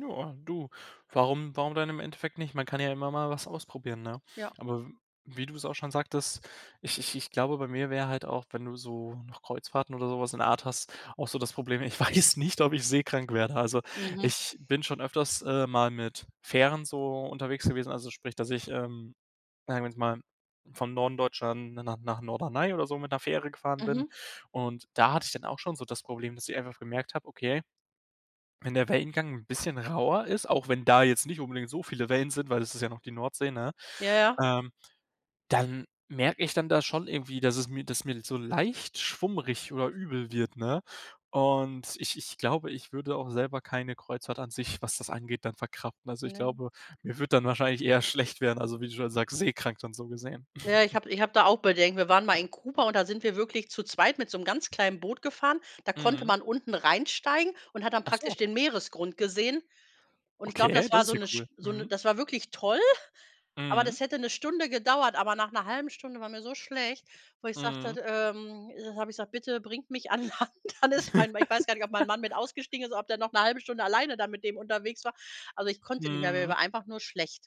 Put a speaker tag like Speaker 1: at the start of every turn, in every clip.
Speaker 1: Ja, du, warum warum denn im Endeffekt nicht? Man kann ja immer mal was ausprobieren, ne?
Speaker 2: Ja.
Speaker 1: Aber w wie du es auch schon sagtest, ich ich ich glaube bei mir wäre halt auch, wenn du so noch Kreuzfahrten oder so was in der Art hast, auch so das Problem, ich weiß nicht, ob ich seekrank werde. Also,
Speaker 2: Mhm.
Speaker 1: ich bin schon öfters, äh, mal mit Fähren so unterwegs gewesen, also sprich, dass ich, ähm, sagen wir jetzt mal von Norden Deutschland na nach nach Norderney oder so mit 'ner Fähre gefahren bin,
Speaker 2: Mhm.
Speaker 1: und da hatte ich dann auch schon so das Problem, dass ich einfach gemerkt habe: Okay, wenn der Wellengang 'n bisschen rauer ist, auch wenn da jetzt nicht unbedingt so viele Wellen sind, weil das ist ja noch die Nordsee, ne,
Speaker 2: Ja, ja.
Speaker 1: ähm, dann merke ich dann da schon irgendwie, dass es mir dass mir so leicht schwummrig oder übel wird, ne, und ich ich glaube, ich würde auch selber keine Kreuzfahrt an sich, was das angeht, dann verkraften. Also, ich
Speaker 2: Ne.
Speaker 1: glaube, mir würde dann wahrscheinlich eher schlecht werden, also, wie du schon sagst, seekrank dann so gesehen.
Speaker 2: Na ja, ich habe ich habe da auch Bedenken. Wir waren mal in Kuba und da sind wir wirklich zu zweit mit so 'nem ganz kleinen Boot gefahren, da konnte
Speaker 1: Mhm.
Speaker 2: man unten reinsteigen und hat dann
Speaker 1: Ach so.
Speaker 2: praktisch den Meeresgrund gesehen und ich glaube,
Speaker 1: Okay,
Speaker 2: das
Speaker 1: das
Speaker 2: war
Speaker 1: ist
Speaker 2: so
Speaker 1: ja
Speaker 2: 'ne
Speaker 1: cool.
Speaker 2: St so 'ne
Speaker 1: Mhm.
Speaker 2: das war wirklich toll, aber
Speaker 1: Mhm.
Speaker 2: das hätte 'ne Stunde gedauert, aber nach 'ner 1/2 Stunde war mir so schlecht, wo ich sagte,
Speaker 1: Mhm.
Speaker 2: d ähm, äh, habe ich gesagt: „Bitte bringt mich an Land, alles fein.” Weil ich weiß gar nicht, ob mein Mann mit ausgestiegen ist oder ob der noch 'ne 1/2 Stunde alleine da mit dem unterwegs war. Also, ich konnte nicht mehr, mir
Speaker 1: Mhm.
Speaker 2: war einfach nur schlecht.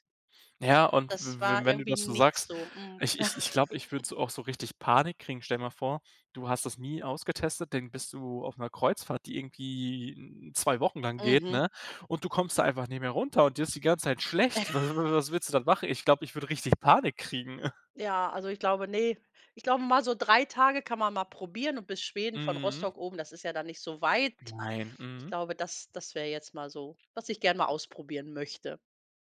Speaker 1: Ja, und
Speaker 2: Das
Speaker 1: w w
Speaker 2: war
Speaker 1: wenn du
Speaker 2: irgendwie
Speaker 1: das so
Speaker 2: nix
Speaker 1: sagst,
Speaker 2: so. Mhm.
Speaker 1: ich ich ich glaube, ich würde so auch so richtig Panik kriegen. Stell dir mal vor, du hast das nie ausgetestet, dann bist du auf 'ner Kreuzfahrt, die irgendwie 2 Wochen lang geht,
Speaker 2: Mhm.
Speaker 1: ne, und du kommst da einfach nicht mehr runter und dir ist die ganze Zeit schlecht. Was wa was willst du dann machen? Ich glaube, ich würde richtig Panik kriegen.
Speaker 2: Ja, also ich glaube ne, ich glaube, mal so 3 Tage kann man mal probieren und bis Schweden von
Speaker 1: Mhm.
Speaker 2: Rostock oben, das ist ja dann nicht so weit.
Speaker 1: Nein.
Speaker 2: Ich
Speaker 1: Mhm.
Speaker 2: glaube, das das wäre jetzt mal so, was ich gerne mal ausprobieren möchte.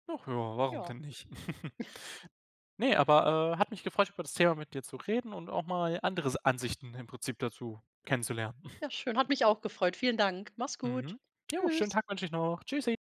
Speaker 1: Ach ja, warum
Speaker 2: Ja.
Speaker 1: denn nicht? Ne, aber, äh, hat mich gefreut, über das Thema mit dir zu reden und auch mal andere S Ansichten im Prinzip dazu kennenzulernen.
Speaker 2: Ja, schön, hat mich auch gefreut. Vielen Dank. Mach's
Speaker 1: Mhm.
Speaker 2: gut.
Speaker 1: Ja, schönen
Speaker 2: Tschüss.
Speaker 1: Tag wünsche ich noch. Tschüssi.